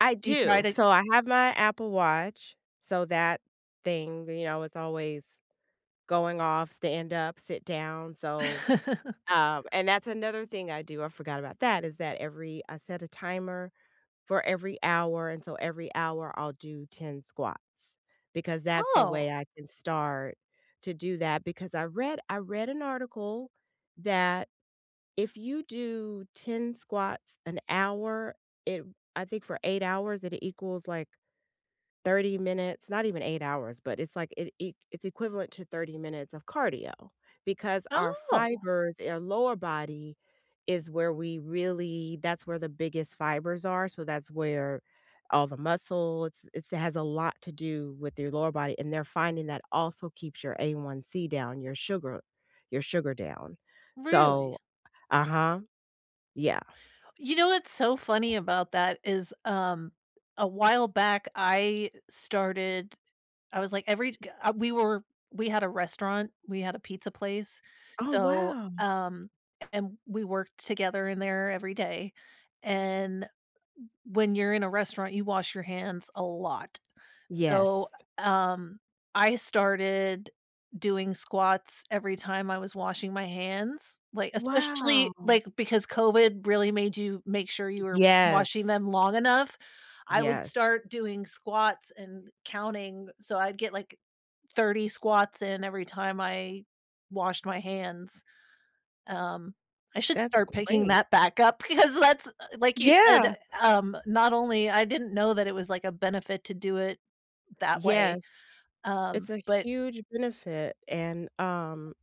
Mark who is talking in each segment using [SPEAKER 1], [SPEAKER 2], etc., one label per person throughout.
[SPEAKER 1] I
[SPEAKER 2] Do you try
[SPEAKER 1] do.
[SPEAKER 2] to
[SPEAKER 1] So, I have my Apple Watch. So, that thing, you know, it's always going off, "Stand up, sit down." So, um, and that's another thing I do, I forgot about that, is that every I set a timer for every hour, and so every hour, I'll do 10 squats because that's a
[SPEAKER 2] Oh.
[SPEAKER 1] way I can start to do that, because I read I read an article that if you do 10 squats an hour, it I think for 8 hours, it equals, like, 30 minutes not even 8 hours, but it's like, it e it's equivalent to 30 minutes of cardio, because our
[SPEAKER 2] Oh!
[SPEAKER 1] fibers in our lower body is where we really that's where the biggest fibers are. So, that's where all the muscle it's it's has a lot to do with your lower body, and they're finding that also keeps your A1C down, your sugar your sugar down.
[SPEAKER 2] Really?
[SPEAKER 1] So uh-huh. Yeah.
[SPEAKER 2] You know what's so funny about that is, um, a while back I started I was like every g uh, we were we had a restaurant, we had a pizza place.
[SPEAKER 1] Oh,
[SPEAKER 2] So
[SPEAKER 1] wow.
[SPEAKER 2] um, a and we worked together in there every day. And m when you're in a restaurant, you wash your hands a lot.
[SPEAKER 1] Yes.
[SPEAKER 2] So, uh, um, I started doing squats every time I was washing my hands like, especially,
[SPEAKER 1] Wow.
[SPEAKER 2] like because COVID really made you make sure you were washing
[SPEAKER 1] Yes.
[SPEAKER 2] them long enough. I would
[SPEAKER 1] Yes.
[SPEAKER 2] start doing squats and counting g So, I'd get, like, 30 squats in every time I washed my hands. Um, I should
[SPEAKER 1] That's
[SPEAKER 2] start picking
[SPEAKER 1] great.
[SPEAKER 2] that back up because that's, uh, like, you said, eh,
[SPEAKER 1] Yeah.
[SPEAKER 2] um not only I didn't know that it was, like, a benefit to do it that way.
[SPEAKER 1] Yes. It's
[SPEAKER 2] Um,
[SPEAKER 1] a
[SPEAKER 2] but
[SPEAKER 1] huge benefit. And, um,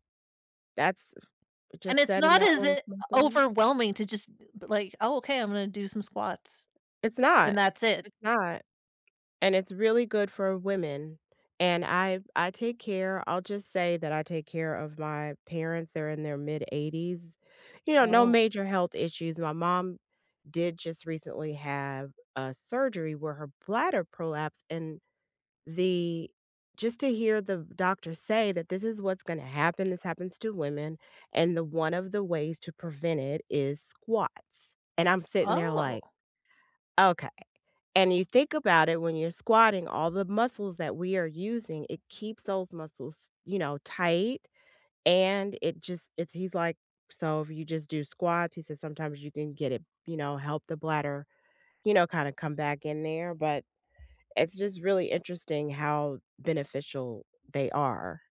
[SPEAKER 1] that's uh,
[SPEAKER 2] And
[SPEAKER 1] just
[SPEAKER 2] it's
[SPEAKER 1] said in
[SPEAKER 2] not
[SPEAKER 1] that
[SPEAKER 2] as
[SPEAKER 1] little
[SPEAKER 2] i
[SPEAKER 1] something there.
[SPEAKER 2] overwhelming to jus, eh, b like, "Oh, okay I'm gonna do some squats
[SPEAKER 1] It's not,
[SPEAKER 2] and that's it."
[SPEAKER 1] it's not. And it's really good for women. And I I take care I'll just say, that I take care of my parents, they're in their mid-80s. You know, no
[SPEAKER 2] Oh.
[SPEAKER 1] major health issues. My mom did just recently have a surgery where her bladder prolapsed and the just to hear the doctor say that this is what's gonna happen, this happens to women, and the one of the ways to prevent it is squats. And I'm sitting there,
[SPEAKER 2] Oh.
[SPEAKER 1] like, "Okay." And you think about it when you're squatting, all the muscles that we are using, it keeps those muscles, you know, tight and it just it's he's, like, "So, if you just do squats," he says, "sometimes you can get it you know, help the bladder, you know, kinda come back in there," but it's just really interesting how beneficial they are.